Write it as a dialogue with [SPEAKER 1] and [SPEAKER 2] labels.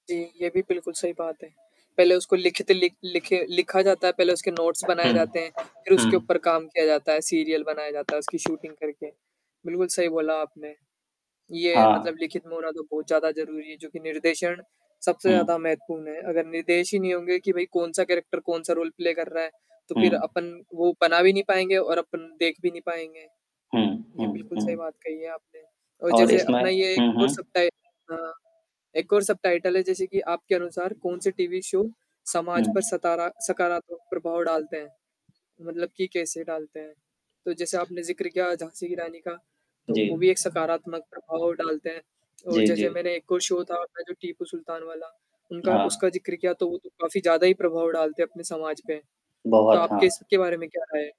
[SPEAKER 1] जी, ये भी बिल्कुल सही बात है, पहले उसको लिखित लिख लिखे लिखा जाता है, पहले उसके नोट्स बनाए
[SPEAKER 2] हुँ।
[SPEAKER 1] जाते हैं, फिर उसके
[SPEAKER 2] हुँ।
[SPEAKER 1] ऊपर काम किया जाता है, सीरियल बनाया जाता है, उसकी शूटिंग करके। बिल्कुल सही बोला आपने, ये मतलब
[SPEAKER 2] हाँ।
[SPEAKER 1] लिखित में होना तो बहुत ज़्यादा ज़रूरी है जो कि निर्देशन सबसे
[SPEAKER 2] हुँ।
[SPEAKER 1] ज़्यादा महत्वपूर्ण है, अगर निर्देश ही नहीं होंगे कि भई कौन-सा कैरेक्टर कौन-सा रोल प्ले कर रहा है, तो फिर
[SPEAKER 2] हुँ।
[SPEAKER 1] अपन वो बना भी नहीं पाएँगे और अपन देख भी नहीं पाएँगे।
[SPEAKER 2] हुँ,
[SPEAKER 1] ये
[SPEAKER 2] हुँ,
[SPEAKER 1] बिल्कुल सही
[SPEAKER 2] हुँ।
[SPEAKER 1] बात कही है आपने, और
[SPEAKER 2] और
[SPEAKER 1] जैसे
[SPEAKER 2] इसमें
[SPEAKER 1] अपना ये एक
[SPEAKER 2] हुँ,
[SPEAKER 1] और
[SPEAKER 2] हुँ।
[SPEAKER 1] सब-टाइ अ, एक और सब-टाइटल है, जैसे कि आपके अनुसार कौन-से टीवी शो समाज पर
[SPEAKER 2] हुँ।
[SPEAKER 1] सतारा सकारात्मक प्रभाव डालते हैं? मतलब कि कैसे डालते हैं? तो जैसे आपने ज़िक्र किया झाँसी की रानी का, तो वो
[SPEAKER 2] जी।
[SPEAKER 1] भी एक सकारात्मक प्रभाव डालता है और
[SPEAKER 2] जी,
[SPEAKER 1] जैसे
[SPEAKER 2] जी।
[SPEAKER 1] मैंने एक और शो था अपना जो टीपू सुल्तान वाला उनका
[SPEAKER 2] हाँ।
[SPEAKER 1] उसका ज़िक्र किया, तो वो तो काफ़ी ज़्यादा ही प्रभाव डालते हैं अपने समाज पे, तो
[SPEAKER 2] बहुत,
[SPEAKER 1] आपकी
[SPEAKER 2] हाँ।
[SPEAKER 1] इसके बारे में क्या राय है?